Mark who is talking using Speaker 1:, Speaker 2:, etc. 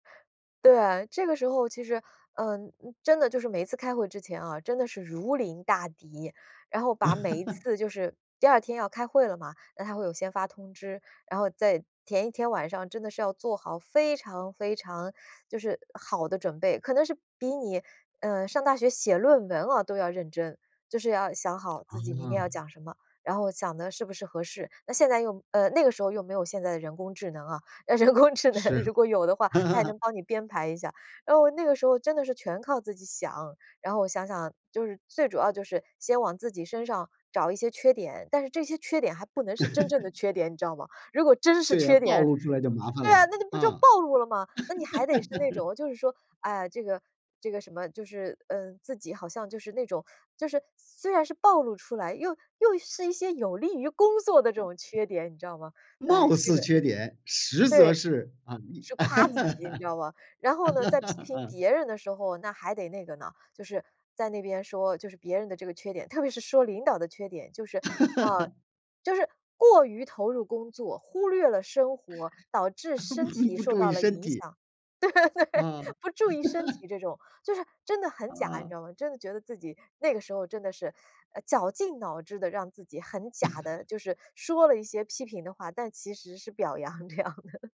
Speaker 1: 对，这个时候其实，嗯，真的就是每次开会之前啊，真的是如临大敌。然后把每一 次就是第2天要开会了嘛，那它会有先发通知，然后在前一天晚上真的是要做好非常非常就是好的准备，可能是比你，嗯，上大学写论文哦都要认真。就是要想好自己明天要
Speaker 2: 嗯。
Speaker 1: 讲什么，然后想的是不是合适。那现在用呃，那个时候又没有现在的人工智能啊，人工智能
Speaker 2: 是啊。
Speaker 1: 如果有的话，它也 能帮你编排一下。然后那个时候真的是全靠自己想。然后我想想，就是最主要的就是先往自己身上找一些缺点，但是这些缺点还不能是真正的 缺点，你知道吗？如果真是
Speaker 2: 对啊，
Speaker 1: 缺
Speaker 2: 暴
Speaker 1: 点
Speaker 2: 露出来就麻烦
Speaker 1: 对啊，
Speaker 2: 了，
Speaker 1: 那你不就
Speaker 2: 啊。
Speaker 1: 暴露了嘛，那你还得是那 种就是说，唉呀，这个这个什么，就是，嗯，自己好像就是那种就是虽然是暴露出来，又又是一些有利于工作的这种缺点，你知道吗？哎，
Speaker 2: 貌
Speaker 1: 这个
Speaker 2: 似缺点，实则
Speaker 1: 对。
Speaker 2: 是，啊
Speaker 1: 是夸自己你知道吧，然后呢，在批评
Speaker 2: 嗯。
Speaker 1: 别人的时候，那还得那个呢，就是在那边说就是别人的这个缺点，特别是说领导的缺点，就是，呃，就是过于投入工作忽略了生活，导致身 体
Speaker 2: 不
Speaker 1: 受
Speaker 2: 注
Speaker 1: 到
Speaker 2: 意
Speaker 1: 了
Speaker 2: 身
Speaker 1: 影
Speaker 2: 体。
Speaker 1: 响。对，
Speaker 2: 嗯。
Speaker 1: 不注意身 体这种，就是真的很假你知
Speaker 2: 嗯。
Speaker 1: 道吗，真的觉得自己那个时候真的是，呃，绞尽脑汁地让自己很假 地就是说了一些批评的话，但其实是表扬这样的。